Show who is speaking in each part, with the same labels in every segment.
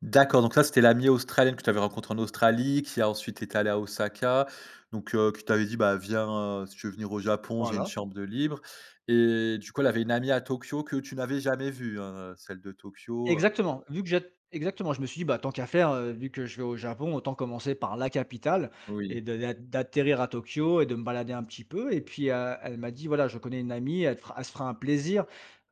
Speaker 1: D'accord, donc ça c'était l'amie australienne que tu avais rencontré en Australie, qui a ensuite été allé à Osaka, donc, heu, qui t'avait dit: «Bah, viens heu si tu veux venir au Japon, j'ai une
Speaker 2: Voilà.
Speaker 1: chambre de libre». Et du coup elle avait une amie à Tokyo que tu n'avais jamais vue, hein? Celle de Tokyo, heu
Speaker 2: Exactement, vu que j'ai exactement je me suis dit: «Bah, tant qu'à faire, heu, vu que je vais au Japon autant commencer par la capitale et
Speaker 1: Oui.
Speaker 2: d d'a d'atterrir à Tokyo et de me balader un petit peu» et puis, heu, elle m'a dit: «Voilà je connais une amie elle te fera elle se fera un plaisir,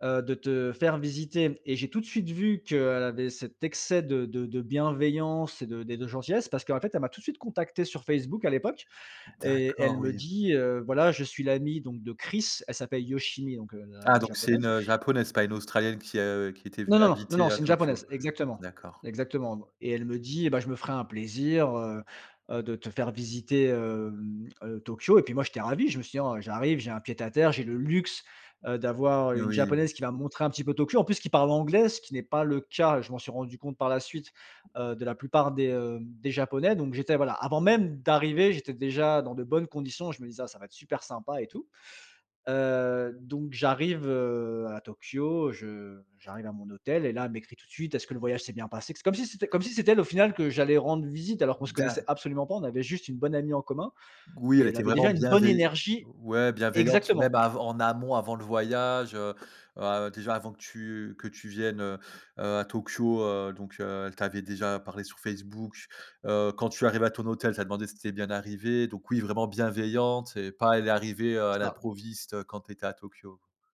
Speaker 2: heu, de te faire visiter». Et j'ai tout de suite vu qu'elle avait cet excès de de de bienveillance et de et de gentillesse parce qu'en fait elle m'a tout suite contacté sur Facebook à l'époque et elle
Speaker 1: D'accord,
Speaker 2: me
Speaker 1: oui.
Speaker 2: dit: «Heu, voilà je suis l'amie donc de Chris». Elle s'appelle Yoshimi donc, heu, la
Speaker 1: Ah
Speaker 2: la
Speaker 1: donc c'est une,
Speaker 2: japonaise
Speaker 1: heu, japonaise, pas une australienne qui, heu, qui était
Speaker 2: Non,
Speaker 1: venue
Speaker 2: non, non, non
Speaker 1: habiter à
Speaker 2: c'est une
Speaker 1: Tokyo.
Speaker 2: japonaise exactement
Speaker 1: D'accord.
Speaker 2: exactement et elle me dit: «Eh bah, je me ferai un plaisir, heu, heu, de te faire visiter, hem heu, Tokyo.» et puis moi j'étais ravi, je me suis dit: «Ah, j'arrive j'ai un pied à terre, j'ai le luxe, heu, d'avoir, heu,
Speaker 1: Mais
Speaker 2: une
Speaker 1: oui.
Speaker 2: japonaise qui va me montrer un petit peu Tokyo en plus qui parle anglais!» ce qui n'est pas le cas, je m'en suis rendu compte par la suite, heu, de la plupart des, heu, des japonais. Donc j'étais voilà avant même d'arriver j'étais déjà dans de bonnes conditions je me disais: «Ah ça va être super sympa» et tout. Heu, donc j'arrive, heu, à Tokyo, je j'arrive à mon hôtel et là elle m'écrit tout de suite: «Est-ce que le voyage s'est bien passé?» C'est comme si c'était comme si c'était elle au final que j'allais rendre visite alors qu'on se connaissait
Speaker 1: D'ac
Speaker 2: absolument pas. On avait juste une bonne amie en commun
Speaker 1: Oui elle
Speaker 2: et elle
Speaker 1: était
Speaker 2: avait
Speaker 1: vraiment
Speaker 2: déjà une bonne
Speaker 1: bienvei
Speaker 2: énergie
Speaker 1: ouais bienveillante, même
Speaker 2: exactement.
Speaker 1: avant en amont avant le voyage, heu. Heu, déjà avant que tu que tu viennes, heu heu, à Tokyo. Heu, donc, heu, elle t'avait déjà parlé sur Facebook, heu, quand tu arrives à ton hôtel, elle t'a demandé si tu étais bien arrivé, donc oui vraiment bienveillante et pas elle est arrivée, heu, à
Speaker 2: C'est ça.
Speaker 1: l'improviste quand tu étais à Tokyo.